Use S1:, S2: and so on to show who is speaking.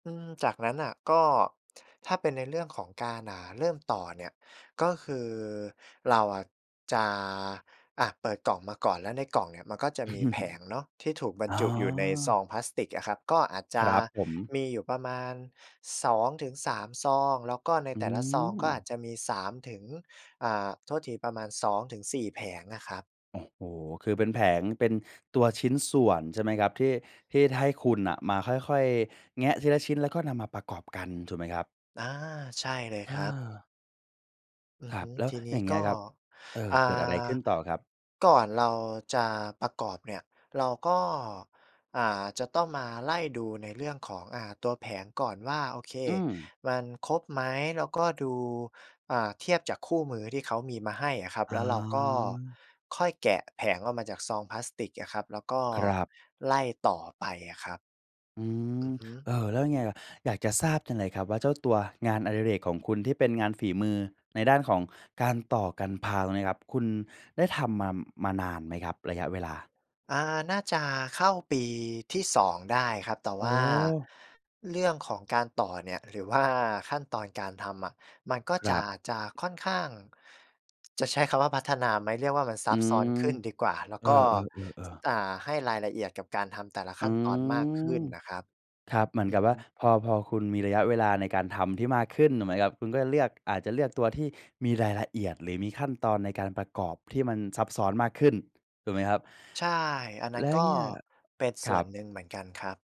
S1: อืม จากนั้นน่ะ ก็ ถ้าเป็นในเรื่องของการ อ่า เริ่มต่อเนี่ย ก็คือ เราอะจะ อะ เปิดกล่องมาก่อน แล้วในกล่องเนี่ยมันก็จะมีแผงเนาะ ที่ถูกบร
S2: อ
S1: ร
S2: ๋
S1: จุอยู่ในซ
S2: อ
S1: องพลาสติกอะครับ ก็อาจจ
S2: ค
S1: ะ
S2: รับผม
S1: มีอยู่ประมาณ 2-3 ซอง แล้วก็ใน
S2: อื
S1: แต่ละซองก็อา
S2: ม
S1: จจะมี 3 ถึง อ่า โทษทีประมาณ 2-4 แผงอะครับ
S2: โอ้โฮ คือ
S1: อ
S2: เป
S1: ื
S2: ็
S1: ม
S2: นแผง เป็นตัวชิ้นส่วน ใช่ไหมครับ ที่ ที่ให้คุณน่ะมาค่อย ๆ แงะทีละชิ้น แล้วก็นำมาประกอบกันถูกไหมครับ?
S1: อา ใช่เลย
S2: อ
S1: ครับ
S2: า
S1: อื
S2: ค
S1: อ
S2: ร
S1: ฮ
S2: ับ
S1: ึ
S2: แล้ว
S1: ทีน
S2: อย
S1: ี
S2: ่
S1: ้
S2: างเงี้
S1: ก
S2: ย
S1: ็
S2: ครับ เออ
S1: อ่
S2: เกิดอะไรข
S1: า
S2: ึ้นต่อครับ?
S1: ก่อนเราจะประกอบเนี่ยเราก็ อ่า จะต้องมาไล่ดูในเรื่องของ อ่า ตัวแผงก่อนว่า โอเค
S2: อือ
S1: มันครบไหม แล้วก็ดู อ่า เทียบจากคู่มือที่เขามีมาให้อะครับ
S2: อ๋
S1: แล้วเราก็
S2: อ
S1: ค่อยแกะแผงออกมาจากซองพลาสติกอะครับ แล้วก็
S2: ครับ
S1: ไล่ต่อไปอะครับ
S2: อืม
S1: อือฮึ
S2: เออ แล้วยังไงล่ะ? อยากจะทราบจังเลยครับว่า เจ้าตัวงานอดิเรกของคุณที่เป็นงานฝีมือ ในด้านของการต่อ Gunpla ตรงเนี้ยครับ คุณได้ทำมา มานานไหมครับ? ระยะเวลา
S1: อ่า น่าจะเข้าปีที่ 2 ได้ครับ แต่
S2: อ๋
S1: ว่า
S2: อ
S1: เรื่องของการต่อเนี่ย หรือ ว่า ขั้นตอนการทำอะ มันก็
S2: คร
S1: จะ
S2: ับ
S1: จะค่อนข้าง จะใช้คำว่าพัฒนาไหม เรียกว่ามันซ
S2: อ
S1: ั
S2: ื
S1: บซ้อ
S2: ม
S1: นขึ้นดีกว่า แล้ว
S2: เอ
S1: ก็
S2: อ ๆ ๆ ๆ
S1: อ่า ให้รายละเอียดกับการทำแต่ละ
S2: อ
S1: ข
S2: ื
S1: ั้นตอนมากขึ
S2: อ
S1: ้นน่ะครับ
S2: ครับ เหมือ
S1: อื
S2: นก
S1: อ
S2: ับ
S1: ฮ
S2: ว่า
S1: ึ
S2: พอ พอคุณมีระยะเวลาในการทำที่มากขึ้น ถูกไหมครับ คุณก็เลือก อาจจะเลือกตัวที่มีรายละเอียด หรือมีขั้นตอนในการประกอบที่มันซับซ้อนมากขึ้น ถูกไหมครับ
S1: ใช่ อันนั้
S2: แล
S1: น
S2: ้ว
S1: ก็
S2: เงี้ย
S1: เป็นส
S2: คร
S1: ่
S2: ั
S1: วน
S2: บ
S1: หนึ่งเหมือนกันครับ